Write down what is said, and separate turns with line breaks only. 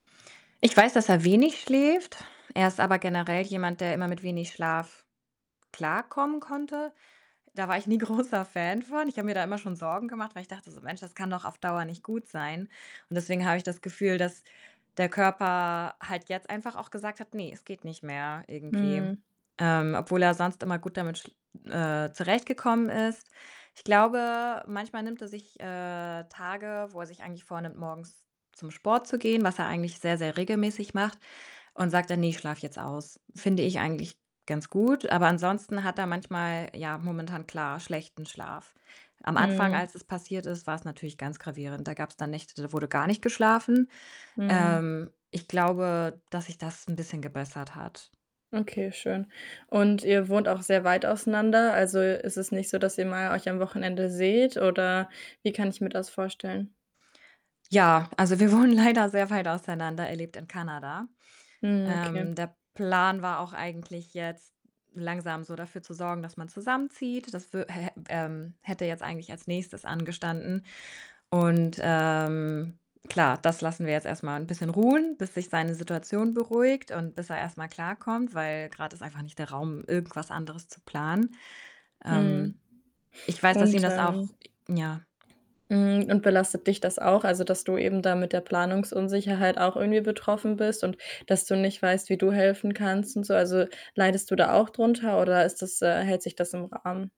Ich weiß, dass er wenig schläft. Er ist aber generell jemand, der immer mit wenig Schlaf klarkommen konnte. Da war ich nie großer Fan von. Ich habe mir da immer schon Sorgen gemacht, weil ich dachte so. „Mensch, das kann doch auf Dauer nicht gut sein.“ Und deswegen habe ich das Gefühl, dass der Körper halt jetzt einfach auch gesagt hat: „Ne, es geht nicht mehr“, irgendwie.
Mhm.
Ähm, obwohl er sonst immer gut damit sch äh, zurechtgekommen ist. Ich glaube, manchmal nimmt er sich, äh, Tage, wo er sich eigentlich vornimmt, morgens zum Sport zu gehen, was er eigentlich sehr, sehr regelmäßig macht und sagt dann: „Ne, ich schlafe jetzt aus.“ Finde ich eigentlich ganz gut, aber ansonsten hat er manchmal, ja, momentan klar schlechten Schlaf. Am Anfang,
Mhm.
als es passiert ist, war's natürlich ganz gravierend. Da gab's dann Nächte, da wurde gar nicht geschlafen.
Mhm.
Ähm, ich glaube, dass sich das 'n bisschen gebessert hat.
Okay, schön. Und ihr wohnt auch sehr weit auseinander, also, ist es nicht so, dass ihr mal euch am Wochenende seht oder wie kann ich mir das vorstellen?
Ja, also, wir wohnen leider sehr weit auseinander, er lebt in Kanada.
Mhm, okay.
Ähm, der Plan war auch eigentlich jetzt, langsam so dafür zu sorgen, dass man zusammenzieht. Das wü hä ähm, hätte jetzt eigentlich als Nächstes angestanden. Und, ähm, klar, das lassen wir jetzt erst mal 'n bisschen ruhen, bis sich seine Situation beruhigt und bis er erstmal klarkommt, weil grad ist einfach nicht der Raum, irgendwas anderes zu planen. Ähm,
Mhm,
ich weiß, dass
und,
ihm das auch
ähm,
ja.
hm, und belastet dich das auch? Also, dass du eben da mit der Planungsunsicherheit auch irgendwie betroffen bist und dass du nicht weißt, wie du helfen kannst und so? Also, leidest du da auch drunter oder ist das äh, hält sich das im Rahmen?